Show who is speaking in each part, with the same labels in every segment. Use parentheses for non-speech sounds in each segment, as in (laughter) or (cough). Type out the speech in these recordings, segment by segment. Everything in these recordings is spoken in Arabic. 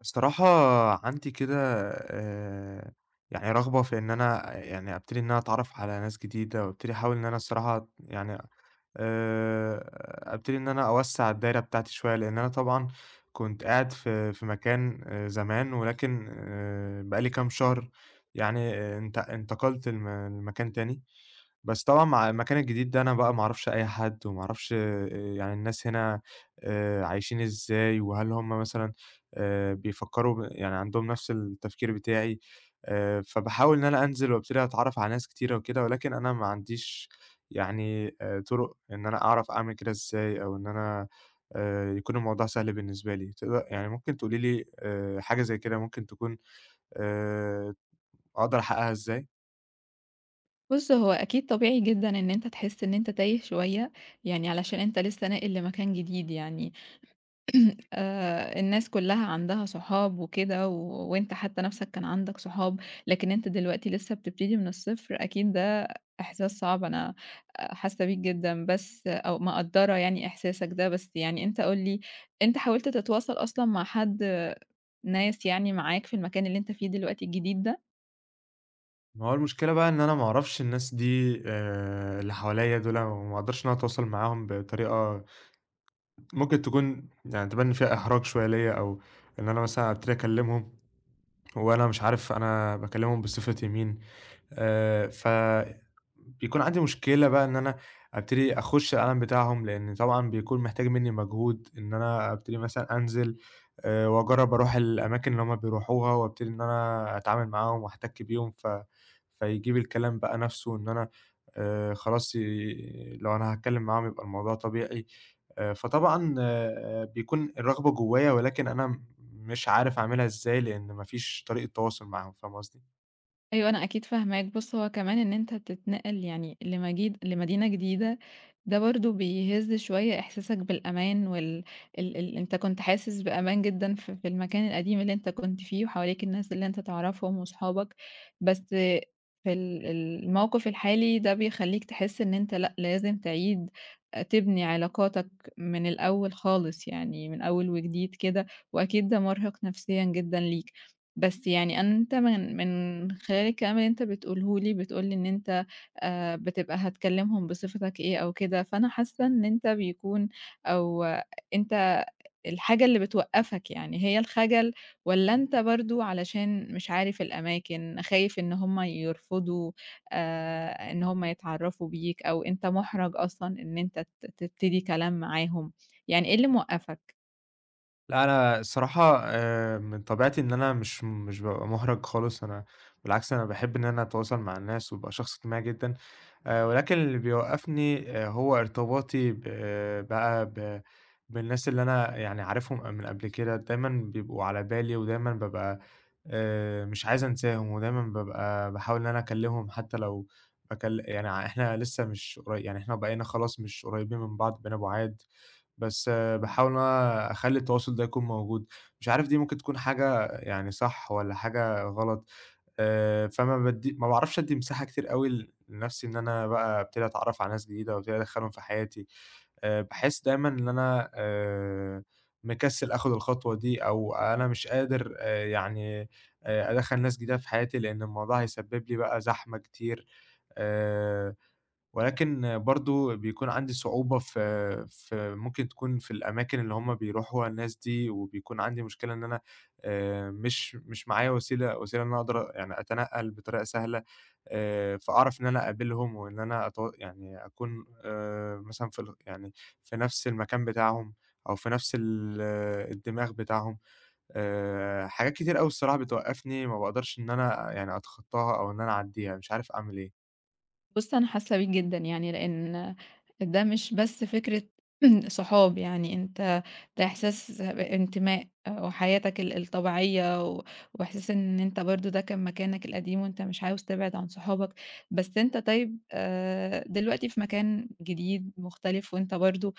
Speaker 1: الصراحة عندي كده آآ، يعني رغبة في إن أنا يعني ابتدي إن أنا أتعرف على ناس جديدة، وابتدي احاول إن أنا الصراحة يعني آآ، ابتدي إن أنا أوسّع الدايرة بتاعتي شوية، لإن أنا طبعًا كنت قاعد في في مكان زمان ولكن آآ، بقى لي كام شهر يعني انت انتقلت لم لمكان تاني، بس طبعًا مع المكان الجديد ده أنا بقى ما أعرفش أي حد وما أعرفش آآ يعني الناس هنا آآ، عايشين إزاي وهل هُم مثلًا آآ، بيفكروا يعني عندهم نفس التفكير بتاعي آآ، فباحاول إن أنا أنزل وابتدي أتعرف على ناس كتيرة وكده، ولكن أنا ما عنديش يعني طرق إن أنا أعرف أعمل كده إزاي أو إن أنا آآ، يكون الموضوع سهل بالنسبة لي تقد يعني ممكن تقولي لي آآ، حاجة زي كده ممكن تكون آآ، أقدر أحققها إزاي؟
Speaker 2: بُصّ هو أكيد طبيعي جدًا إن أنت تحسّ إن أنت تايه شوية، يعني علشان أنت لسّه ناقل لمكان جديد يعني (clears throat) آآ الناس كلها عندها صحاب وكده وأنت حتى نفسك كان عندك صحاب لكن أنت دلوقتي لسّه بتبتدي من الصفر، أكيد ده إحساس صعب أنا حاسّة بيك جدًا، بس أو مقدرة يعني إحساسك ده بس يعني أنت قُل لي أنت حاولت تتواصل أصلًا مع حد ناس يعني معاك في المكان اللي أنت فيه دلوقتي الجديد ده؟
Speaker 1: ما هو المشكلة بقى إن أنا ما أعرَفش الناس دي آآ اللي حواليّا دول، ما أقدَرش أنا أتواصل معاهم بطريقة ممكن تكون يعني تبان إن فيها إحراج شوية ليَّ أو إن أنا مثلًا أبتدي أكلّمهم وأنا مش عارف أنا باكلّمهم بصفتي مين آآ فبيكون عندي مشكلة بقى إن أنا أبتدي أخُش العالم بتاعهم لإن طبعًا بيكون محتاج منّي مجهود إن أنا أبتدي مثلًا أنزِل آآ وأجرّب أرُوح الأماكن اللي هُم بيرُوحوها وأبتدي إن أنا أتعامل معاهم وأحتكّ بيهم ف فيجيب الكلام بقى نَفْسه إن أنا آآ خلاص ي لو أنا هاتكلّم معاهم يبقى الموضوع طبيعي، آآ فطبعًا آآ بيكون الرغبة جوّايا ولكن أنا مش عارف أعملها إزاي لأن ما فيش طريقة تواصُل معاهم، فاهمة قصدي؟
Speaker 2: أيوه، أنا أكيد فاهماك، بُصّ هو كمان إن أنت تتنقّل يعني لمجيد لمدينة جديدة ده برضه بيهزّ شوية إحساسك بالأمان وال ال ال أنت كنت حاسس بأمان جدًا ف في المكان القديم اللي أنت كنت فيه وحواليك الناس اللي أنت تعرَفهم وأصحابك بس في ال ال الموقِف الحالي ده بيخلّيك تحس إن أنت لأ لازم تعيد آآ تبني علاقاتك من الأول خالص يعني من أول وجديد كده وأكيد ده مرهِق نفسيًا جدًا ليك، بس يعني أنت من من خلال الكلام اللي أنت بتقوله لي، بتقول لي إن أنت آآ بتبقى هتكلّمهم بصفتك إيه أو كده فأنا حاسّة إن أنت بيكون أو أنت الحاجة اللي بتوقّفك يعني هي الخجل والّا
Speaker 1: إمم.
Speaker 2: أنت برضه علشان مش عارف الأماكن، خايف إن هُم يرفضوا آآ إن هُم يتعرّفوا بيك أو أنت مُحرَج أصلًا إن أنت ت تبتدي كلام معاهم، يعني إيه اللي موقّفَك؟
Speaker 1: لا، أنا الصراحة آآ، من طبيعتي إن أنا مش مش بابقى مُحرَج خالص أنا بالعكس، أنا باحب إن أنا أتواصل مع الناس وابقى شخص اجتماعي جدًا، آآ، ولكن اللي بيوقّفني آآ، هو ارتباطي ب بقى ب بالناس اللي أنا يعني عارفهم ق من قبل كده دايمًا بيبقوا على بالي ودايمًا بابقى آآ، مش عايز أنساهم ودايمًا بابقى باحاول إن أنا أكلّمهم حتّى لو هكل يعني إحنا لسه مش قري يعني إحنا وبقينا خلاص مش قريّبين من بعض بقينا بُعاد، بس باحاول إن أنا أخلّي التواصل ده يكون موجود، مش عارف دي ممكن تكون حاجة يعني صح والّا حاجة غلط، آآ، فما بادّي ما باعرفش ادّي مساحة كتير أوي لنَفْسي إن أنا بقى ابتدي أتعرّف على ناس جديدة أو ابتدي أدخّلهم في حياتي، آآ، باحس دايمًا إن أنا آآ، مكسّل آخُد الخطوة دي أو أنا مش قادر آآ، يعني آآ، أدخّل ناس جديدة في حياتي، لأن الموضوع هيسبّب لي بقى زحمة كتير، آآ، ولكن برضه بيكون عندي صعوبة في في، ممكن تكُون في الأماكن اللي هُم بيرُوحوها الناس دي، وبيكون عندي مشكلة إن أنا آآ، مش مش معايا وسيلة وسيلة إن أنا أقدَر يعني أتنقّل بطريقة سهلة آآ، فأعرَف إن أنا أقابلهم وإن أنا أت يعني أكُون آآ، مثلًا في ال يعني في نَفْس المكان بتاعهم أو في نَفْس ال الدماغ بتاعهم. آآ، حاجات كتير أوي الصراحة بتوقّفني، ما باقدَرش إن أنا يعني أتخطّاها أو إن أنا أعدّيها، مش عارف أعمل إيه.
Speaker 2: بُص، أنا حاسّة بيك جدًا يعني لإن ده مش بس فكرة (clears throat) صحاب، يعني أنت ده إحساس بانتماء وحياتك ال الطبيعية و وإحساس إن أنت برضه ده كان مكانك القديم وأنت مش عاوز تبعد عن صحابك، بس أنت طيب آآ، دلوقتي في مكان جديد مختلف وأنت برضه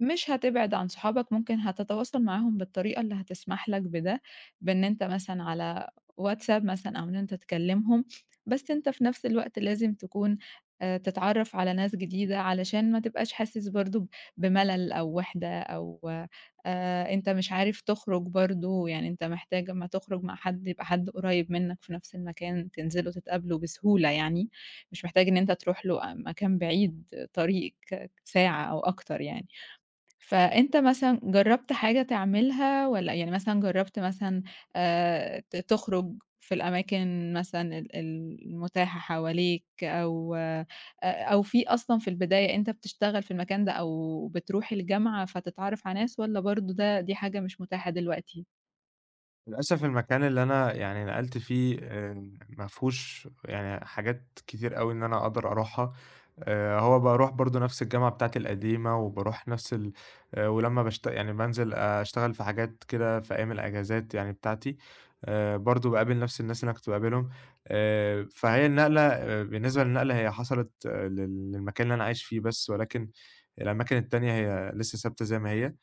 Speaker 2: مش هتبعد عن صحابك ممكن هتتواصل معاهم بالطريقة اللي هتسمح لك بده، بإن أنت مثلًا على WhatsApp مثلًا أو إن أنت تكلِّمهم، بس أنت في نَفْس الوقت لازم تكون آآ، تتعرّف على ناس جديدة علشان ما تبقاش حاسس برضه ب بمَلَل أو وِحدة أو آآ، أنت مش عارف تخرُج برضه، يعني أنت محتاج أمّا تخرُج مع حد يبقى حد قريّب منّك في نَفْس المكان تنزلوا تتقابلوا بسهولة يعني، مش محتاج إن أنت تروح له آآ، مكان بعيد طريق كاك ساعة أو أكتر يعني. فأنت مثلًا جرّبت حاجة تعملها والّا يعني مثلًا جرّبت مثلًا آآ، ت تخرُج في الأماكن مثلًا ال المتاحة حواليك أو آآ، أو في أصلًا في البداية أنت بتشتغل في المكان ده أو بتروح الجامعة فتتعرّف على ناس، والّا برضه ده دي حاجة مش متاحة دلوقتي؟
Speaker 1: للأسف المكان اللي أنا يعني نقَلت فيه آآ ما فيهوش يعني حاجات كتير أوي إن أنا أقدَر أرُوحها آآ، هو بارُوح برضه نَفْس الجامعة بتاعتي القديمة وبارُوح نَفْس ال آآ ولمّا باشت يعني بانزِل أشتغل في حاجات كده في أيام الإجازات يعني بتاعتي آآ برضه باقابل نَفْس الناس اللي أنا كنت باقابلهم، آآ فهي النقلة آآ بالنسبة للنقلة هي حصَلِت لل للمكان اللي أنا عايش فيه بس ولكن الأماكن التانية هي لسه ثابتة زي ما هي،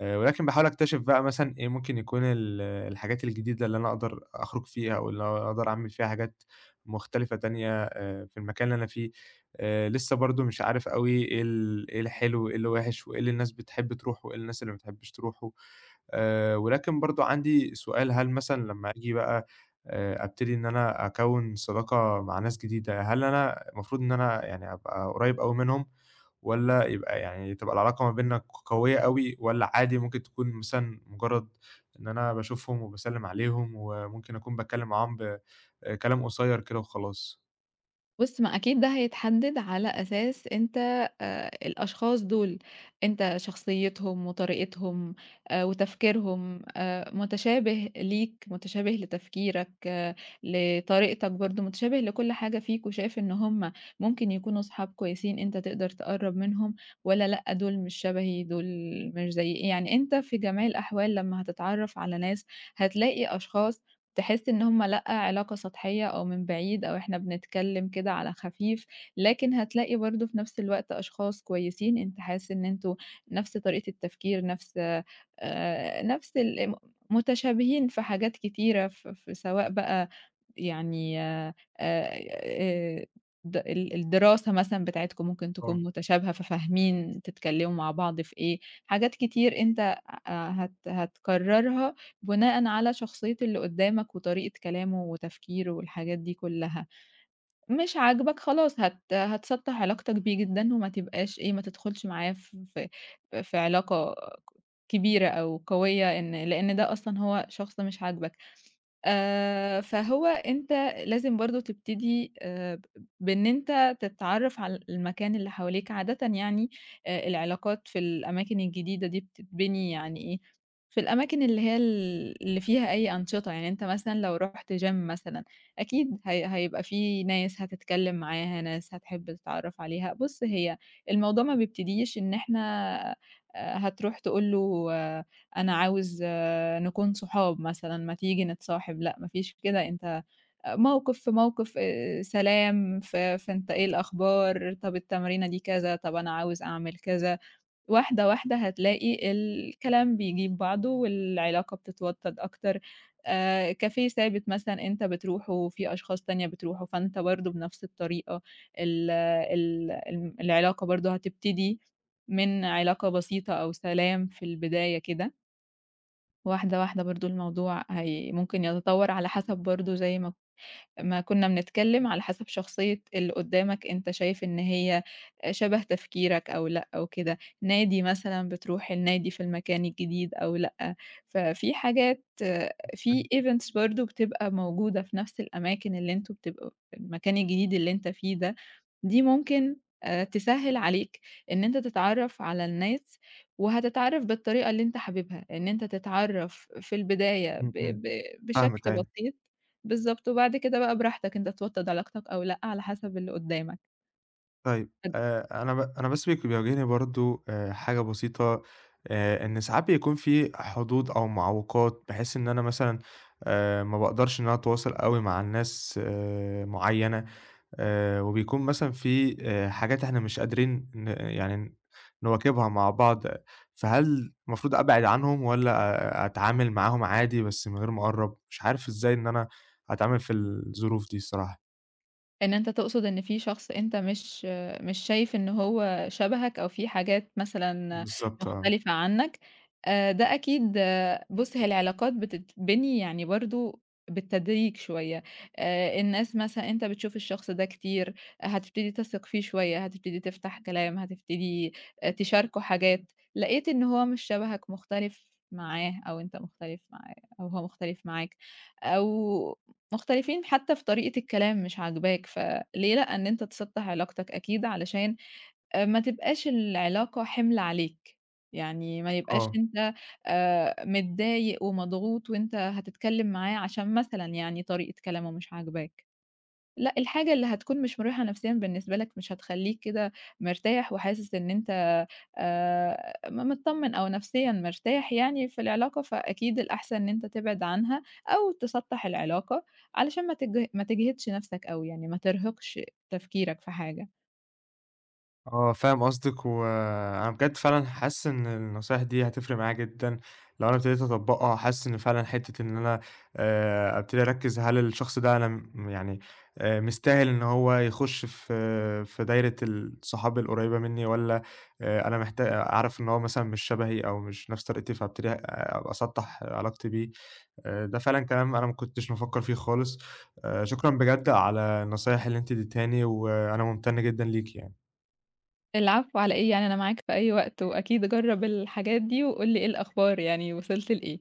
Speaker 1: آآ ولكن باحاول أكتشف بقى مثلًا إيه ممكن يكون ال الحاجات الجديدة اللي أنا أقدَر أخرُج فيها واللي أقدَر أعمل فيها حاجات مختلِفة تانية آآ في المكان اللي أنا فيه آآ، لسه برضه مش عارف أوي إيه ال إيه الحلو، إيه اللي وِحش وإيه اللي الناس بتحب ترُوحه وإيه الناس اللي ما بتحبّش ترُوحه، آآ ولكن برضه عندي سؤال، هل مثلًا لمّا ييجي بقى آآ أبتدي إن أنا أكوّن صداقة مع ناس جديدة، هل أنا المفروض إن أنا يعني أبقى قريّب أوي منهم والّا يبقى يعني تبقى العلاقة ما بيننا ق قوية أوي والّا عادي ممكن تكون مثلًا مُجرّد إن أنا باشوفهم وباسلّم عليهم وممكن أكون باتكلّم معاهم ب آآ كلام قصيّر كده وخلاص؟
Speaker 2: بُص، ما أكيد ده هيتحدّد على أساس أنت آآ الأشخاص دُول أنت شخصيّتهم وطريقتهم آآ وتفكيرهم آآ متشابه ليك، متشابه لتفكيرك، لطريقتك برضه، متشابه لكل حاجة فيك وشايف إن هم ممكن يكونوا أصحاب كويسين أنت تقدر تقرّب منهم والّا لأ، دُول مش شبهي دُول مش زَيي، يعني أنت في جميع الأحوال لمّا هتتعرّف على ناس هتلاقي أشخاص تحس إن هم لأ، علاقة سطحية أو من بعيد أو إحنا بنتكلِّم كده على خفيف، لكن هتلاقي برضه في نَفْس الوقت أشخاص كويسين أنت حاسس إن أنتم نَفْس طريقة التفكير، نَفْس آآ نَفْس ال ام متشابهين في حاجات كتيرة ف ف في سواء بقى يعني آآ- آآ ده ال الدراسة مثلًا بتاعتكم ممكن
Speaker 1: آه.
Speaker 2: تكون متشابهة ففاهمين تتكلِّموا مع بعض في إيه، حاجات كتير أنت آآ هت هتقرّرها بناءً على شخصية اللي قُدّامك وطريقة كلامه وتفكيره والحاجات دي كُلّها. مش عاجبك خلاص هت هتسطّح علاقتك بيه جدًا وما تبقاش إيه، ما تدخُلش معاه ف ف في علاقة كبيرة أو قوية إن لإن ده أصلًا هو شخص مش عاجبك. آآ فهو أنت لازم برضه تبتدي آآ ب بإن أنت تتعرّف على المكان اللي حواليك عادةً يعني آآ العلاقات في الأماكن الجديدة دي بتتبني يعني إيه، في الأماكن اللي هي ال اللي فيها أي أنشطة، يعني أنت مثلًا لو رُحت gym مثلًا أكيد هي هيبقى في ناس هتتكلِّم معاها، ناس هتحِب تتعرّف عليها، بُص، هي الموضوع ما بيبتديش إن إحنا آآ هتروح تقول له أنا عاوز نكون صحاب مثلًا ما تيجي نتصاحب، لأ ما فيش كده، أنت آآ موقِف في موقِف آآ سلام ف فأنت إيه الأخبار؟ طَب التمرينة دي كذا طَب أنا عاوز أعمل كذا، واحدة، واحدة هتلاقي الكلام بيجيب بعضه والعلاقة بتتوطّد أكتر. آآ كافيه ثابت مثلًا أنت بتروحه في أشخاص تانية بتروحه، فأنت برضه بنَفْس الطريقة ال ال الم العلاقة برضه هتبتدي من علاقة بسيطة أو سلام في البداية كده. واحدة، واحدة برضه الموضوع هي ممكن يتطوّر على حسَب برضه زي ما ك ما كنّا بنتكلّم، على حسَب شخصية اللي قُدّامك أنت شايف إن هي شبه تفكيرك أو لأ أو كده، نادي مثلًا، بترُوح النادي في المكان الجديد أو لأ، ففي حاجات، في
Speaker 1: (unintelligible)
Speaker 2: events برضه بتبقى موجودة في نَفْس الأماكن اللي أنتم بتبقوا المكان الجديد اللي أنت فيه ده، دي ممكن آآ تسهِّل عليك إن أنت تتعرّف على الناس وهتتعرّف بالطريقة اللي أنت حاببها إن أنت تتعرّف في البداية ب
Speaker 1: إمم، إمم،
Speaker 2: ب
Speaker 1: فاهمِك
Speaker 2: بشكل
Speaker 1: أيوه.
Speaker 2: بسيط، بالضبط وبعد كده بقى براحتك أنت توطّد علاقتك أو لأ على حسب اللي قُدّامك.
Speaker 1: طيّب،
Speaker 2: (unintelligible)
Speaker 1: آآ أنا ب أنا بس بيك بيواجهني برضه آآ حاجة بسيطة آآ، إن ساعات بيكون في حدود أو معوِّقات بحيث إن أنا مثلًا آآ ما باقدَرش إن أنا أتواصَل أوي مع الناس آآ معيّنة، آآ وبيكون مثلًا في آآ حاجات إحنا مش قادرين ن يعني ن نواكبها مع بعض، فهل المفروض أبعِد عنهم والّا أتعامل معاهم عادي بس من غير ما أقرّب؟ مش عارف إزاي إن أنا أتعامل في الظروف دي الصراحة؟
Speaker 2: إن أنت تقصد إن في شخص أنت مش مش شايف إن هو شبهك أو في حاجات مثلًا
Speaker 1: بالضبط، آه.
Speaker 2: مختلفة عنّك، آآ ده أكيد بُصّ هي العلاقات بتتبني يعني برضه بالتدريج شوية، آآ الناس مثلًا أنت بتشوف الشخص ده كتير، هتبتدي تثق فيه شوية، هتبتدي تفتح كلام، هتبتدي آآ تشاركه حاجات، لقيت إن هو مش شبهك مختلف معاه أو أنت مختلف معاه أو هو مختلف معاك، أو مختلفين حتّى في طريقة الكلام مش عاجباك، ف ليه لأ، إن أنت تسطّح علاقتك أكيد علشان آآ ما تبقاش العلاقة حِمل عليك، يعني ما يبقاش
Speaker 1: آه.
Speaker 2: أنت آآ متضايق ومضغوط وأنت هتتكلّم معاه عشان مثلًا يعني طريقة كلامه مش عاجباك، لأ الحاجة اللي هتكون مش مريحة نفسيًا بالنسبة لك مش هتخلّيك كده مرتاح وحاسس إن أنت آآ م متطمّن أو نفسيًا مرتاح يعني في العلاقة فأكيد الأحسن إن أنت تبعد عنها، أو تسطّح العلاقة علشان ما تجه ما تجهدش نَفْسك أو يعني ما ترهِقش تفكيرك في حاجة.
Speaker 1: آه، فاهم قصدِك وأنا بجد فعلًا حاسس إن النصايح دي هتفرق معايا جدًا لو أنا ابتديت أطبّقها، وحاسس إن فعلًا حتّة إن أنا آآ ابتدي أركّز هل الشخص ده أنا م يعني آآ مستاهل إن هو يخُش في في دايرة ال صحاب القريّبة منّي، والّا آآ أنا محتا آآ عارف إن هو مثلًا مش شبهي أو مش نَفْس طريقتي فابتدي ه أ أسطّح علاقتي بيه، آآ ده فعلًا كلام أنا ما كنتش بافكّر فيه خالص آآ شكرًا بجد على النصايح اللي أنتِ ادّيتهاني وأنا مُمتَن جدًا ليكِ يعني.
Speaker 2: العفو على إيه، يعني أنا معاك في أي وقت وأكيد جرّب الحاجات دي وقُل لي إيه الأخبار، يعني وصِلت لإيه؟